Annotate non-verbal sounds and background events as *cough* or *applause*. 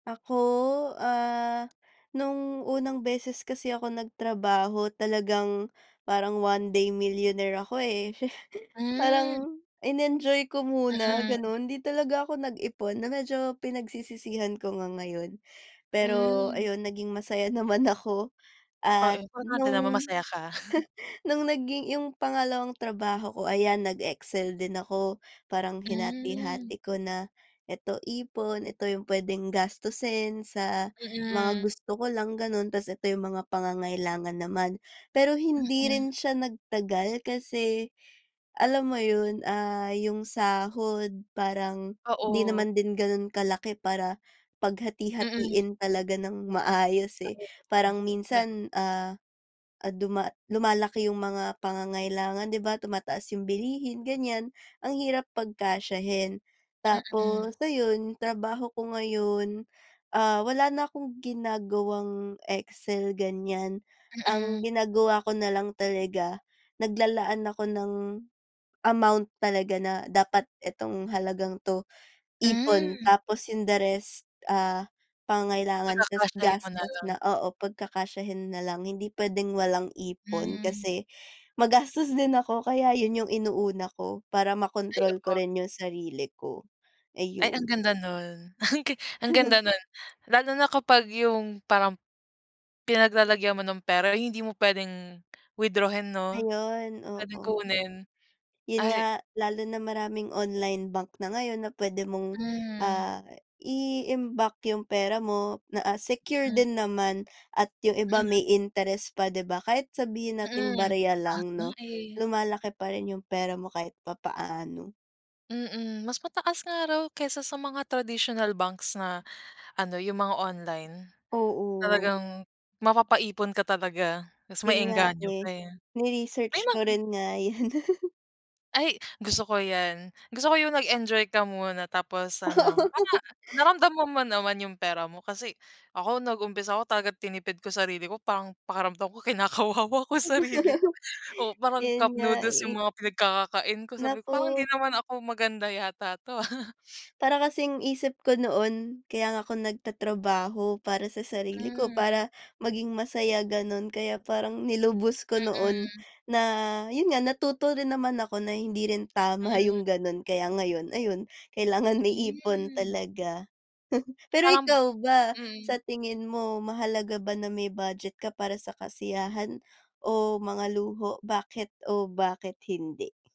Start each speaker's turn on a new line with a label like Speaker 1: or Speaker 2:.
Speaker 1: Ako, ah, no'ng unang beses kasi ako nagtrabaho talagang parang one day millionaire ako, eh. *chuckles*
Speaker 2: Hmm.
Speaker 1: Parang inenjoy ko muna
Speaker 2: Mm.
Speaker 1: gano'n, hindi talaga ako nag-ipon na medyo pinagsisisihan ko nga ngayon. Pero
Speaker 2: Hmm.
Speaker 1: ayun naging masaya naman ako.
Speaker 2: O,
Speaker 1: At
Speaker 2: importante naman
Speaker 1: no'ng
Speaker 2: masaya ka. *chuckles*
Speaker 1: *chuckles* no'ng naging 'yung pangalawang trabaho ko ayan nag-excel din ako, parang
Speaker 2: Hmm.
Speaker 1: hinati-hati ko na, ito ipon, ito 'yung puwedeng gastusin sa mga
Speaker 2: Mm.
Speaker 1: gusto ko lang gano'n, tas ito 'yung mga pangangailangan naman. Pero hindi
Speaker 2: Mm.
Speaker 1: rin siya nagtagal, kasi alam mo 'yun, ah, 'yung sahod parang hindi
Speaker 2: Oo.
Speaker 1: naman din gano'n kalaki para
Speaker 2: Mm.
Speaker 1: paghati-hatiin talaga ng maayos, eh,
Speaker 2: Ayaw mo
Speaker 1: parang
Speaker 2: na. Da
Speaker 1: minsan, ah, at duma lumalaki 'yung mga pangangailangan di ba tumataas 'yung bilihin ganiyan ang hirap pagkasyahin.
Speaker 2: Mm.
Speaker 1: Tapos ayon, trabaho ko ngayon, ah, wala na akong ginagawang excel ganiyan ang
Speaker 2: Mm.
Speaker 1: ginagawa ko na lang talaga, naglalaan ako ng, amount talaga na dapat itong halagang 'to ipon,
Speaker 2: Hmm.
Speaker 1: tapos 'yung the rest, ah, pangangailangan, tas
Speaker 2: Pagkakasayahin mo na
Speaker 1: gastos
Speaker 2: lang.
Speaker 1: na, oo, pagkakasyahin na lang, hindi puwedeng walang ipon
Speaker 2: Hmm.
Speaker 1: kasi magastos din ako kaya 'yun 'yung inuuna ko para
Speaker 2: Ay,
Speaker 1: ma-kontrol ko
Speaker 2: oo.
Speaker 1: rin 'yung sarili ko, eh,
Speaker 2: Ay ang
Speaker 1: 'yun.
Speaker 2: ganda no'n ang gi ang
Speaker 1: *chuckles*
Speaker 2: ganda no'n lalo na kapag 'yung parang, pinaglalagyan mo ng pera ay hindi mo puwedeng withdrawhin, no
Speaker 1: Ayun,
Speaker 2: puwedeng
Speaker 1: oo.
Speaker 2: kunin
Speaker 1: Yun
Speaker 2: ay.
Speaker 1: nga lalo na maraming online bank na ngayon na puwede mong,
Speaker 2: Hmm.
Speaker 1: ah, iimbak 'yung pera mo na, ah, secure
Speaker 2: Mm.
Speaker 1: din naman at 'yung iba
Speaker 2: Mm.
Speaker 1: may interest pa 'di ba, kahit sabihin nating
Speaker 2: Mm,
Speaker 1: barya
Speaker 2: sa lahat
Speaker 1: lang
Speaker 2: nga,
Speaker 1: 'no,
Speaker 2: eh.
Speaker 1: lumalaki pa rin yung pera mo kahit papaano.
Speaker 2: Mm, mas mataas nga raw kaysa sa mga traditional banks na ano 'yung mga online
Speaker 1: Oo.
Speaker 2: talagang mapapaipon katalaga. Mas
Speaker 1: 'Yun nga,
Speaker 2: maengganyo
Speaker 1: eh,
Speaker 2: ka, eh.
Speaker 1: ni-research
Speaker 2: May
Speaker 1: ko
Speaker 2: mga
Speaker 1: rin nga 'yun. *chuckles*
Speaker 2: Ay gusto ko 'yan, gusto ko yung nag-enjoy ka muna tapos ano, parang
Speaker 1: Oo.
Speaker 2: naramdaman mo naman 'yung pera mo kasi ako nag-umpisa ako tagat tinipid ko sarili ko parang pakiramdam ko kinakawawa ko sarili ko,
Speaker 1: *laughs*
Speaker 2: oo, parang
Speaker 1: 'Yun
Speaker 2: cup
Speaker 1: nga,
Speaker 2: noodles
Speaker 1: eh.
Speaker 2: 'yung mga pinagkakakain ko sabi ko, parang hindi
Speaker 1: Naku.
Speaker 2: naman ako maganda yata 'to, ah. *chuckles*
Speaker 1: Para kasing isip ko noon kaya nga ako nagtatrabaho para sa sarili ko,
Speaker 2: Hmm.
Speaker 1: para maging masaya gano'n kaya parang nilubos ko noon
Speaker 2: Mm.
Speaker 1: na 'yun nga natuto rin naman ako na hindi rin tama
Speaker 2: Mm.
Speaker 1: 'yung gano'n kaya ngayon ayun kailangan may ipon
Speaker 2: Hmm.
Speaker 1: talaga. *chuckles* Pero
Speaker 2: Parang,
Speaker 1: ikaw ba sa
Speaker 2: mm.
Speaker 1: tingin mo mahalaga ba na may budget ka para sa kasiyahan o mga luho bakit o bakit hindi?